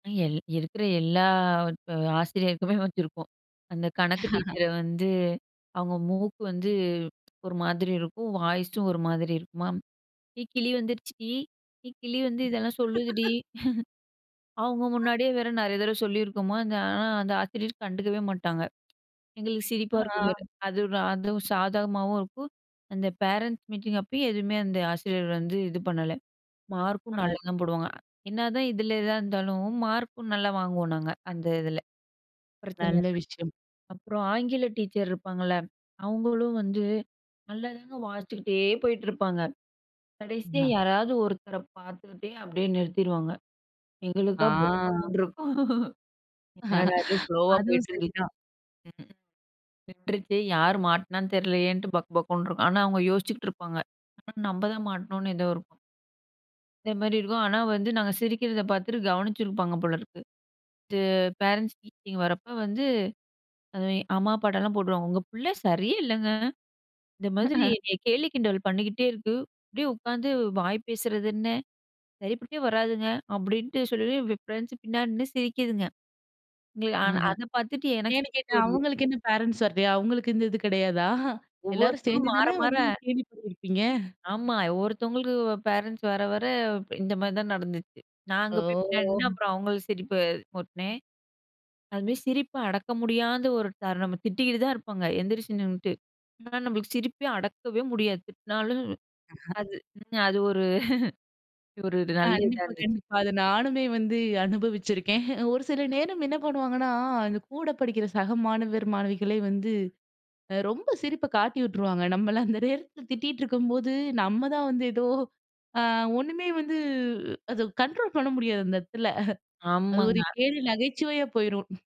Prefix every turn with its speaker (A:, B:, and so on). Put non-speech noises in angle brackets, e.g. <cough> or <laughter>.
A: L இருக்கிற எல்லா ஆசிரியருக்குமே வச்சிருப்போம். அந்த கணக்கு
B: <laughs>
A: டீச்சர வந்து, அவங்க மூக்கு வந்து ஒரு மாதிரி இருக்கும். வாய்ஸ்சும் ஒரு மாதிரி இருக்குமாம். "ஏ கிளி வந்துடுச்சுடி! ஏ கிளி வந்து இதெல்லாம் சொல்லுதுடி"
B: <laughs>
A: <chuckles> அவங்க முன்னாடியே வேற நெறைய தடவ சொல்லியிருக்கோமா, அந்த ஆனா அந்த ஆசிரியர் கண்டுக்கவே மாட்டாங்க. எங்களுக்கு சிரிப்பா இருக்கும் வேற.
B: ஆ,
A: அது அதுவும் சாதகமாவும் இருக்கும். அந்த பேரன்ட்ஸ் மீட்டிங் அப்பயும் எதுவுமே அந்த ஆசிரியர் வந்து இது பண்ணல. மார்க்கும்
B: அது
A: நல்லாதான் போடுவாங்க, என்னதான் இதில எதா இருந்தாலும் மார்க்கும் நல்லா வாங்குவோம் நாங்க, அந்த இதில. பிரச்சனை
B: நல்ல
A: இல்ல
B: விஷயம்.
A: அப்புறம் ஆங்கில டீச்சர் இருப்பாங்கல்ல அவங்களும் வந்து நல்லாதாங்க வாசிச்சுக்கிட்டே போயிட்டுருப்பாங்க. கடைசியா
B: அ,
A: யாராவது ஒருத்தர பாத்துக்கிட்டே அப்படியே நிறுத்திடுவாங்க.
B: ஆ,
A: எங்களுக்கா பக்கு பக்குன்னு இருக்கும். என்னடா இது?
B: <laughs>
A: ஃப்லோவா
B: அதுவும்
A: போயிட்டிருந்துச்சு.
B: சரிதான்.
A: விட்டுருச்சே யார் மாட்டினான்னு தெரியலையேன்னுட்டு பக்கு பக்குன்னு இருக்கும். ஆனா அவங்க யோசிச்சிட்டு இருப்பாங்க. ஆனா நம்ம தான் மாட்டணும்னு ஏதோ இருக்கும். இந்த மாரி இருக்கும். ஆனா, வந்து நாங்க சிரிக்கிறத பாத்துட்டு கவனிச்சிருப்பாங்க போலிருக்கு. இது பேரன்ட்ஸ் மீட்டிங் வரப்ப வந்து அது அம்மா, அப்பாட்டெல்லாம் போடுவுடுவாங்க "உங்க பிள்ளை சரியே இல்லங்க. இந்த மாதிரி
B: <chuckles>
A: கேலி, கிண்டல் பண்ணிக்கிட்டே இருக்கு. அப்படியே உட்காந்து வாய் பேசுறதுன்னு சரிப்பட்டே வராதுங்க." அப்படின்ட்டு சொல்லி ஃப்ரெண்ட்ஸ் பின்னாடி நின்னு சிரிக்குதுங்க. எ அ
B: ஆஹ.
A: அத பாத்துட்டு எனக்கு
B: ஏன்னு
A: சிரிப்பு
B: கேட்டேன்,
A: வருது.
B: அவங்களுக்கு என்ன பேரன்ட்ஸ் வரலையா? அவங்களுக்கு இந்த இது கிடையாதா? எல்லாரும்
A: ஒவ்வொருத்தரும்
B: சேர்ந்து
A: மாற,
B: தானே
A: மாற
B: வந்து கேலி பண்ணிருப்பீங்க?
A: ஆமா. ஒருத்தவங்களுக்கு பேரன்ட்ஸ் வர வர இந்த மாரி தான் நடந்துச்சு. நான் அங்க போய் பின்னாடி நின்னேன்.
B: ஓ!
A: அப்புறம் அவங்கள சிரிப்பு முட்டினேன். அது மாரி சிரிப்ப அடக்க முடியாத ஒரு தருணம் நம்ம திட்டிக்கிட்டு தான் இருப்பாங்க எந்திரிச்சு நின்னுட்டு, ஆனா நம்மளுக்கு சிரிப்ப அடக்கவே முடியாது திட்டினாலும்
B: <chuckles>
A: அது அது ஒரு ஒரு நல்ல இதா
B: கண்டிப்பா,
A: இருந்துச்சு.
B: கண்டிப்பா. அத நானுமே வந்து அனுபவிச்சிருக்கேன். ஒரு சில நேரம் என்ன பண்ணுவாங்கன்னா, அந்த கூட படிக்கிற சக மாணவ, மாணவிகளே வந்து ரொம்ப சிரிப்ப காட்டி விட்டுருவாங்க. நம்மள அந்த நேரத்தில திட்டீட்டிருக்கும்போது, நம்ம தான் வந்து ஏதோ அ ஒண்ணுமே வந்து அத கண்ட்ரோல் பண்ண முடியாது, அந்த இடத்துல. அது ஒரு
A: ஆமாங்க.
B: கேலி நகைச்சுவையா போயிரும்.